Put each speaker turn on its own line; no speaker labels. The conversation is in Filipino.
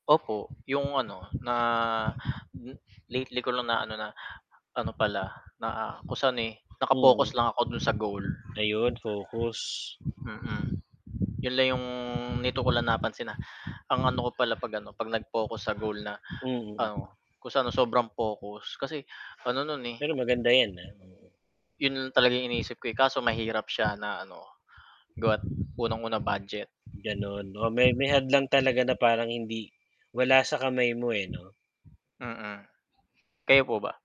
Opo, 'yong ano na m lately ko lang na ano na, ano pala, na kung sa'n, eh, naka-focus
Mm.
lang ako do'n sa goal.
Ayun, focus.
Mm. Yun lang 'yung nito ko lang napansin na ang ano ko pala 'pag ano, 'pag nag-focus sa goal na ano,
Mm.
kung saan sobrang focus kasi, ano no'n, eh
Pero maganda 'yan, ah, mm.
'Yon lang talaga iniisip ko, eh, kaso mahirap siya na ano gawa't unang-una, budget.
Gan'on. O may may hadlang talaga na parang hindi wala sa kamay mo, eh, 'no?
Mm. Kayo po ba?